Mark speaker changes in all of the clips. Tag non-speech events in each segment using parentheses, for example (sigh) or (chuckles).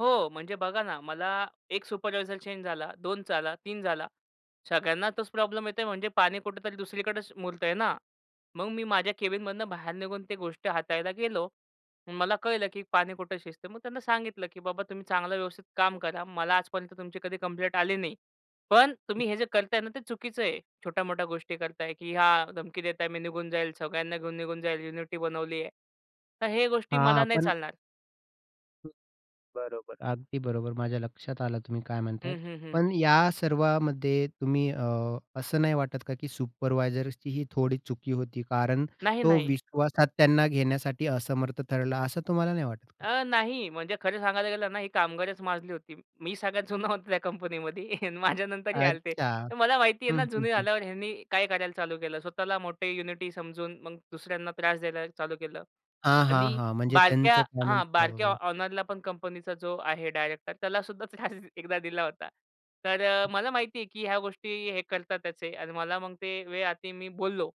Speaker 1: हो. म्हणजे बघा ना. मला 1 सुपरवायझर चेंज झाला, 2 झाला, 3 झाला. सगळ्यांना तोच प्रॉब्लेम येतोय म्हणजे पाणी कुठे तरी दुसरीकडेच मुरतंय ना. मग मी माझ्या केबिनमधनं बाहेर निघून ते गोष्टी हाताळायला गेलो. मला कळलं की पाणी कुठं शिजतय. मग त्यांना सांगितलं, "की बाबा तुम्ही चांगलं व्यवस्थित काम करा. मला आजपर्यंत तुमची कधी कंप्लेंट आली नाही. पण तुम्ही हे जे करताय ना, ते चुकीचं आहे. छोट्या-मोठ्या गोष्टी करताय, की ह्या धमकी देत आहे मी निघून जाईल, सगळ्यांना घेऊन निघून जाईल. युनिटी बनवली आहे. तर हे गोष्टी
Speaker 2: हां
Speaker 1: मला नाही
Speaker 2: आपण
Speaker 1: चालणार."
Speaker 2: बरोबर. अगदी बरोबर माझ्या लक्षात आलं तुम्ही काय म्हणतायत.
Speaker 1: हं, हं, हं.
Speaker 2: पण या सर्वामध्ये तुम्ही अ, असं नाही वाटत का? की सुपरवायझर्सची ही थोडी चुकी होती. कारण
Speaker 1: नाही,
Speaker 2: तो
Speaker 1: नाही.
Speaker 2: विश्वासात त्यांना घेण्यासाठी असमर्थ ठरला असं तुम्हाला नाही वाटत का?
Speaker 1: अ, नाही म्हणजे खरं सांगायला गेलं ना, ही कामगारच माजली होती. मी सगळ्यात जुना होतो, त्या कंपनीमध्ये माझ्यानंतर हे आले होते.
Speaker 2: अच्छा.
Speaker 1: तर मला माहिती आहे
Speaker 2: हं,
Speaker 1: ना,
Speaker 2: हं.
Speaker 1: जुने
Speaker 2: हं.
Speaker 1: झाल्यावर ह्यांनी काय करायला चालू केलं? स्वतःला मोठे युनिटी समजून, मग दुसऱ्यांना त्रास द्यायला चालू केलं.
Speaker 2: हां, हां.
Speaker 1: आणि
Speaker 2: हां. म्हणजे
Speaker 1: बारक्या
Speaker 2: त्यांचं कॉमन
Speaker 1: हां. बारक्या
Speaker 2: प्रॉब्लेम.
Speaker 1: ऑनरला पण कंपनीचा जो आहे डायरेक्टर त्यालासुद्धा त्रास एकदा दिला होता. तर अ, मला माहिती आहे की ह्या गोष्टी हे करतातच आहे. आणि मला मग ते वेळ आलती मी बोललो.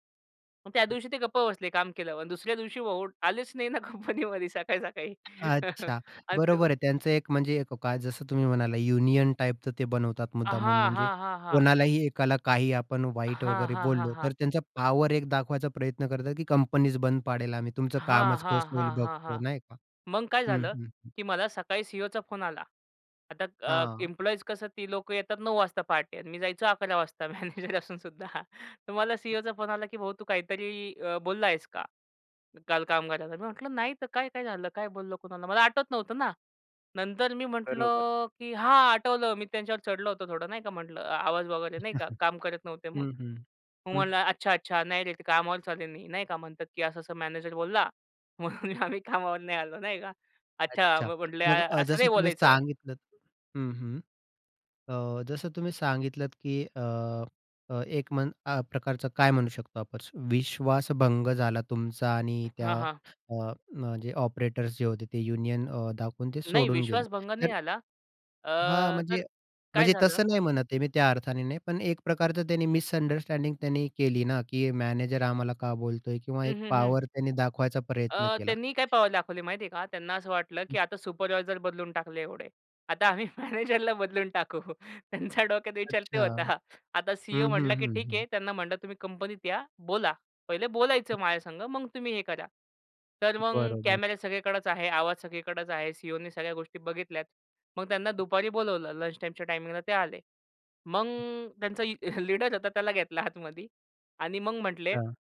Speaker 1: मग त्या दिवशी ते गप्प बसले, काम केल्यावर आणि दुसऱ्या दिवशी भाऊ आलेच नाही ना, कंपनीमध्ये सकाळी सकाळी.
Speaker 2: अच्छा
Speaker 1: आणि तो
Speaker 2: बरोबर आहे त्यांचं एक म्हणजे येतो काय? जसं तुम्ही म्हणालात युनियन टाइपचं ते बनवतात
Speaker 1: अ,
Speaker 2: मुद्दामहून.
Speaker 1: हां,
Speaker 2: म्हणजे
Speaker 1: हां. हां.
Speaker 2: कोणालाही एकाला काही आपण वाईट
Speaker 1: हां,
Speaker 2: वगैरे
Speaker 1: हां. हां,
Speaker 2: बोललो तर,
Speaker 1: हां.
Speaker 2: त्यांचा पॉवर एक दाखवायचा प्रयत्न करतात की कंपनीच बंद पाडेल आम्ही, तुमचं
Speaker 1: हां,
Speaker 2: कामंच कस
Speaker 1: हां.
Speaker 2: होईल
Speaker 1: हां, हां.
Speaker 2: बघतो,
Speaker 1: हां.
Speaker 2: नाही का.
Speaker 1: मग काय
Speaker 2: हं,
Speaker 1: झालं?
Speaker 2: हं. हं.
Speaker 1: की मला सकाळी सी-ई-ओचा फोन आला. आता अ,
Speaker 2: हां.
Speaker 1: इम्प्लॉइज कसं ती लोकं येतात 9 वाजता पहाटे आणि मी जायचो 11 वाजता मॅनेजर असून सुद्धा. तर मला सी-ई-ओचा फोन आला की "भाऊ तू काहीतरी अ, बोलला आहेस का? काल कामगाराला." मी म्हटलं, "नाही तर काय, काय झालं काय बोललो कुणाला?" मला आठवत नव्हतं ना. नंतर मी
Speaker 2: बरोबर.
Speaker 1: म्हटलं की "हां, आठवलं मी त्यांच्यावर चढलो होतं थोडं नाही का, म्हटलं आवाज वगैरे नाही का? काम करत
Speaker 2: (chuckles)
Speaker 1: नव्हते मग."
Speaker 2: हं, हं.
Speaker 1: मग
Speaker 2: हं.
Speaker 1: म्हणला, "अच्छा, अच्छा नाही रे, ते कामावरचं आले नाही. नाही का म्हणतात, की असं, असं मॅनेजर बोलला म्हणून आम्ही कामावर नाही आलो, नाही का? अच्छा,
Speaker 2: अच्छा.
Speaker 1: मग म्हटले
Speaker 2: मग
Speaker 1: अ
Speaker 2: अ,
Speaker 1: असं
Speaker 2: जसं
Speaker 1: नाही
Speaker 2: तुम्ही
Speaker 1: बोलायचं."
Speaker 2: सांगितलत हं, हं. अ, जसं तुम्ही सांगितलत की अ, अ, एक मं अ, प्रकारचं काय म्हणू शकतो आपण? विश्वास भंग झाला तुमचा आणि त्या
Speaker 1: हां, हां.
Speaker 2: अ, न जे ऑपरेटर्स जे होते ते, अ, युनियन अ, दाखवून ते
Speaker 1: नाही
Speaker 2: सोडून गेले.
Speaker 1: विश्वास भंग नाही
Speaker 2: तर
Speaker 1: झाला. अ,
Speaker 2: हां.
Speaker 1: तर
Speaker 2: म्हणजे
Speaker 1: काय
Speaker 2: म्हणजे
Speaker 1: झालं
Speaker 2: तसं नाही म्हणत आहे मी, त्या अर्थाने नाही. पण एक प्रकारचं त्यांनी मिसंडरस्टँडिंग त्यांनी केली ना, की मॅनेजर आम्हाला का बोलतोय? किंवा
Speaker 1: हं,
Speaker 2: एक
Speaker 1: हं. हं.
Speaker 2: पॉवर त्यांनी दाखवायचा प्रयत्न
Speaker 1: अ,
Speaker 2: केला.
Speaker 1: त्यांनी काय पॉवर दाखवली माहिती आहे का? त्यांना असं वाटलं की आता सुपरवायझर बदलून टाकले एवढे. आता आम्ही मॅनेजरला बदलून टाकू. त्यांच्या डोक्यात विचार ते
Speaker 2: अच्छा.
Speaker 1: होता. आता
Speaker 2: हं,
Speaker 1: सी-ई-ओ
Speaker 2: हं.
Speaker 1: म्हटला की
Speaker 2: हं,
Speaker 1: ठीक आहे
Speaker 2: हं.
Speaker 1: "त्यांना म्हटलं तुम्ही कंपनीत या बोला. पहिले बोलायचं माझ्या संग मग तुम्ही हे करा." तर मग
Speaker 2: बरोबर.
Speaker 1: कॅमेरा सगळीकडेच आहे. आवाज सगळीकडेच आहे. सी-ई-ओने सगळ्या गोष्टी बघितल्यात. मग त्यांना दुपारी बोलावलं लंच टाईमच्या टायमिंगला ते आले. मग त्यांचा ए लीडर होता त्याला घेतला आतमध्ये आणि मग म्हटले
Speaker 2: हां.